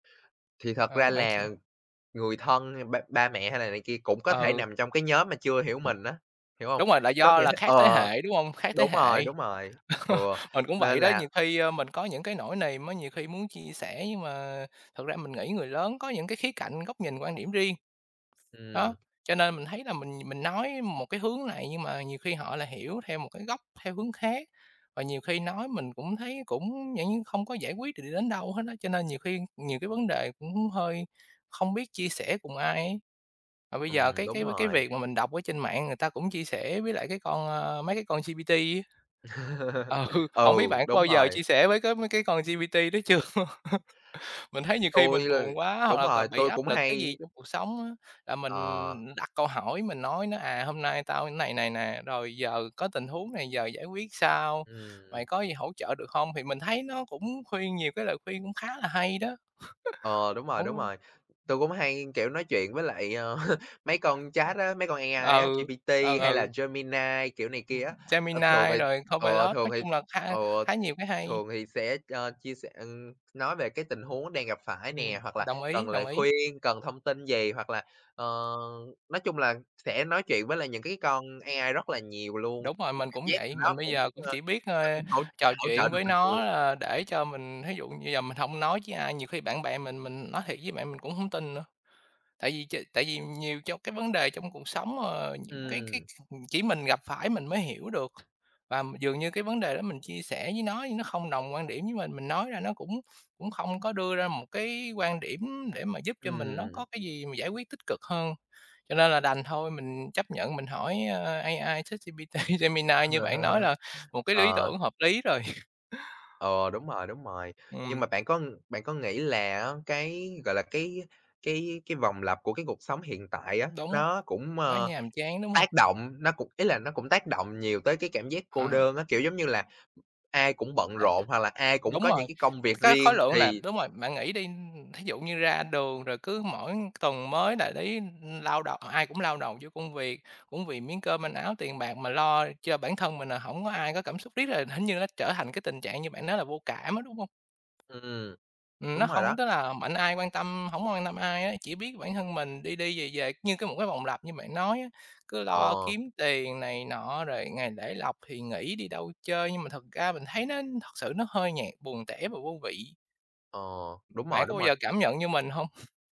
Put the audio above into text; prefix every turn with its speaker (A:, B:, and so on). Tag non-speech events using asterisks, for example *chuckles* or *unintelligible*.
A: Thì thật ra
B: Ừm, bạn chia
A: là người thân hay ba ba mẹ hay là này kia cũng có thể
B: Ừ.
A: nằm trong cái nhóm mà chưa hiểu mình á, hiểu hông?
B: Đúng rồi, là
A: Có
B: do
A: nghĩa
B: là khác thế
A: ờ,
B: hệ, đúng hông? Khác thế
A: đúng rồi,
B: hệ.
A: đúng rồi, ừ,
B: *chuckles* Mình cũng vậy
A: nên
B: đó, nhiều
A: là
B: khi, a, mình có những cái nỗi niềm á nhiều khi muốn chia sẻ, nhưng mà thật ra mình nghĩ người lớn có những cái khía cạnh, góc nhìn, quan điểm riêng.
A: Ừm.
B: Đó, cho nên mình thấy là mình mình nói một cái hướng này, nhưng mà nhiều khi họ lại hiểu theo một cái góc theo hướng khác. Và nhiều khi nói mình cũng thấy cũng dạng như không có giải quyết được được đến đâu hết á, cho nên nhiều khi nhiều cái vấn đề cũng hơi không biết chia sẻ cùng ai ấy. Và bây giờ
A: Ừm,
B: cái
A: đúng
B: cái v cái
A: rồi.
B: việc mà mình đọc ở trên mạng người ta cũng chia sẻ với lại cái con, a mấy cái con GPT ấy.
A: *chuckles*
B: Ừ, hổng
A: Ừ,
B: biết bạn có
A: đúng
B: bao giờ
A: rồi.
B: chia sẻ với cái mấy cái con GPT đó chưa? *chuckles* Mình thấy nhiều khi
A: Tui,
B: mình
A: ờ
B: buồn quá hoặc
A: đúng
B: là
A: rồi,
B: c bị
A: tui
B: áp
A: cũng
B: lực cái gì
A: hay
B: trong cuộc sống á, là
A: Ờ.
B: mình đặt câu hỏi mình nói nó, à, "Hôm nay tao thế này này nè, rồi giờ có tình huống này, giờ giải quyết sao?
A: Ừm.
B: Mày có gì hỗ trợ được hông?" Thì mình thấy nó cũng khuyên nhiều cái lời khuyên cũng khá là hay đó.
A: Ờ, đúng rồi, đúng
B: *chuckles*
A: rồi. Tui
B: *unintelligible*
A: cũng hay, kiểu, nói chuyện với lại, a, *chuckles* mấy con chat á, mấy con AI á,
B: Ừ.
A: GPT
B: Ờ,
A: hay là
B: ừ.
A: Gemini, kiểu này
B: Ừm,
A: kia á. Ờ, thường
B: Gemini
A: thì
B: rồi
A: ừ,
B: Copilot,
A: thường
B: nói
A: thì
B: chung là kha
A: ừ,
B: kh khá nhiều cái hay.
A: thường thì sẽ ơ, chia sẻ, ừm nói về cái tình huống đang gặp phải
B: Ừm.
A: nè hoặc là
B: Đồng ý,
A: cần lời
B: đồng ý.
A: khuyên, cần thông tin gì hoặc là, ờ, nói chung là sẽ nói chuyện với lại những cái con AI rất là nhiều luôn.
B: Đúng rồi, mình
A: *unintelligible*
B: cũng
A: Giác
B: vậy.
A: nó
B: Mình bây
A: cũng,
B: giờ cũng
A: a,
B: chỉ biết,
A: nó
B: a,
A: cũng hỗ
B: trò
A: hỗ trợ
B: chuyện
A: được
B: với
A: mình
B: nó,
A: nhiều.
B: à, để cho mình thí dụ như bây giờ mình hông nói với ai, nhiều khi bạn bè mình, mình nói thiệt với bạn, mình cũng hổng tin nữa. Tại vì ch tại vì nhiều trong cái vấn đề trong cuộc sống, ờ, nhiều cái cái,
A: Ừm.
B: ừm, chỉ mình gặp phải mình mới hiểu được. Và m dường như cái vấn đề đó mình chia sẻ với nó nhưng nó không đồng quan điểm với mình, mình nói ra nó cũng cũng không có đưa ra một cái quan điểm để mà giúp cho mình nó có
A: Ừm.
B: cái gì mà giải quyết tích cực hơn. Cho nên là đành thôi, mình chấp nhận mình hỏi, a, AI, ChatGPT, Gemini như bạn nói
A: Ờ.
B: là một cái lý
A: Ờ.
B: tưởng hợp lý rồi. *chuckles*
A: Ừ, đúng rồi, đúng rồi. Nhưng
B: Ừm.
A: mà bạn có bạn có nghĩ là á cái, gọi là, cái cái cái vòng lặp của cái cuộc sống hiện tại á,
B: Đúng.
A: nó cũng, a,
B: Nó nhàm chán, đúng
A: tác
B: hông?
A: động, nó cũng ý là nó cũng tác động nhiều tới cái cảm giác cô
B: À.
A: đơn á, kiểu, giống như là ai cũng bận rộn, hoặc là ai cũng
B: Đúng
A: có
B: rồi.
A: những cái công việc
B: Cái khối
A: riêng
B: lượng nè
A: thì
B: đúng rồi. Bạn nghĩ đi, ừm, thí dụ như ra đường rồi cứ mỗi tuần mới là đấy, ưm, lao đầu ai cũng lao đầu vô công việc, cũng vì miếng cơm manh áo, tiền bạc mà lo cho bản thân mình nè, hổng có ai có cảm xúc. Riết rồi hình như nó trở thành cái tình trạng như bạn nói là vô cảm á, đúng hông?
A: Ừm,
B: Ừm, nó
A: đúng rồi đó.
B: không tức là mạnh ai quan tâm hổng quan tâm ai ấy, chỉ biết bản thân mình, đi đi về về như cái một cái vòng lặp như bạn nói á, cứ lo
A: Ờ.
B: kiếm tiền này nọ rồi ngày lễ lộc thì nghỉ đi đâu chơi, nhưng mà thật ra mình thấy nó thật sự nó hơi nhạt, buồn tẻ và vô vị.
A: Ờ, đúng
B: Bạn
A: rồi,
B: có
A: đúng
B: bao giờ
A: rồi.
B: cảm nhận như mình hông? *chuckles*